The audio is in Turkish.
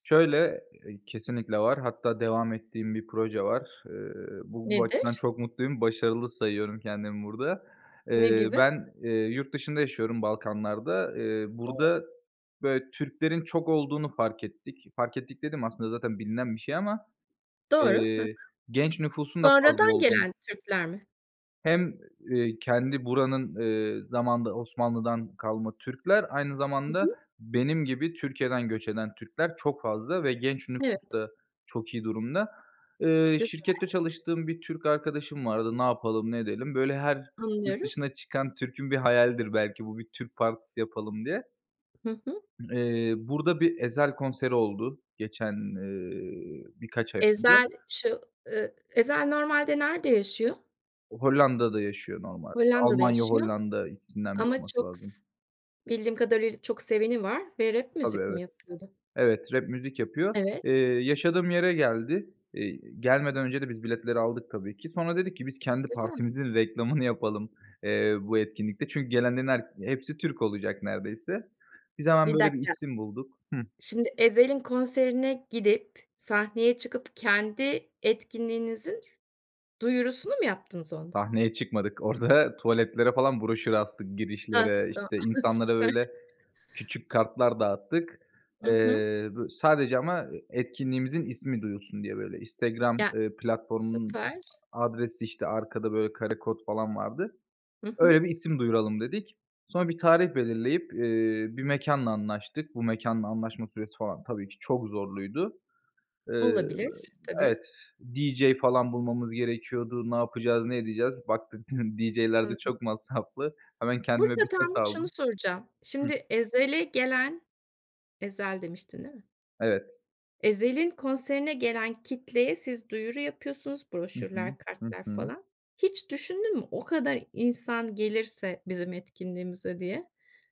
Şöyle, eee, kesinlikle var. Hatta devam ettiğim bir proje var. Eee, bu bu açıdan Nedir? çok mutluyum. Başarılı sayıyorum kendimi burada. Ne Eee, gibi? ben yurt dışında yaşıyorum, Balkanlar'da. Eee, [unintelligible] burada, böyle, Türklerin çok olduğunu fark ettik. Fark ettik dediğim, aslında zaten bilinen bir şey ama, Doğru. Ha ha. eee, genç nüfusun da fazla Sonradan olduğunu gelen Türkler mi? Hem, eee, kendi buranın, eee, zamanında Osmanlı'dan kalma Türkler, aynı Hı zamanda hı. benim gibi Türkiye'den göç eden Türkler çok fazla ve genç Evet. nüfus da çok iyi durumda. Eee, Güzel. şirkette çalıştığım bir Türk arkadaşım vardı, ne yapalım, ne edelim. Böyle, her yurt Anlıyorum. dışına çıkan Türk'ün bir hayalidir belki, bu bir Türk partisi yapalım diye. Hı hı. Eee, burada bir Ezel konseri oldu, geçen, eee, birkaç ay önce. Ezel, şu ııı, Ezel normalde nerede yaşıyor? Hollanda'da yaşıyor normalde. Hollanda'da Almanya, yaşıyor Hollanda, ikisinden biri ama olması çok lazım. sı bildiğim kadarıyla, çok seveni var ve rap Tabii, müzik mi evet. yapıyordu? Evet, rap müzik yapıyor. Evet. Eee, yaşadığım yere geldi. İii, gelmeden önce de biz biletleri aldık, tabii ki. Sonra dedik ki, biz kendi Güzel. partimizin reklamını yapalım, eee, bu etkinlikte. Çünkü gelenlerin her hepsi Türk olacak, neredeyse. Biz hemen, Bir böyle, bir dakika, isim bulduk. Hıh şimdi; Ezel'in konserine gidip, sahneye çıkıp kendi etkinliğinizin duyurusunu mu yaptınız onda? Sahneye çıkmadık, orada, tuvaletlere falan broşür astık, Hah, girişlere. tamam. İşte, insanlara, Süper. böyle, küçük kartlar dağıttık. I hı. Eee, bö sadece ama etkinliğimizin ismi duyulsun diye, böyle, Instagram, Ya eee, platformunun süper. adresi, işte, arkada, böyle, karekod falan vardı. Hı hı. Öyle bir isim duyuralım dedik. Sonra bir tarih belirleyip, eee, bir mekânla anlaştık. Bu mekânla anlaşma süresi falan, tabii ki çok zorluydu. Eee, Olabilir, tabii. evet, DJ falan bulmamız gerekiyordu. Ne yapacağız, ne edeceğiz? Baktık, DJ'ler de Anladım. çok masraflı. Hemen kendime Burada bir set tam bir şunu aldım. soracağım. Hıh Şimdi Ezel'e gelen Ezel demiştin, değil mi? Evet. Ezel'in konserine gelen kitleye siz duyuru yapıyorsunuz, Hı hı. broşürler, Hı kartlar hı. falan. Hiç düşündün mü, o kadar insan gelirse bizim etkinliğimize diye?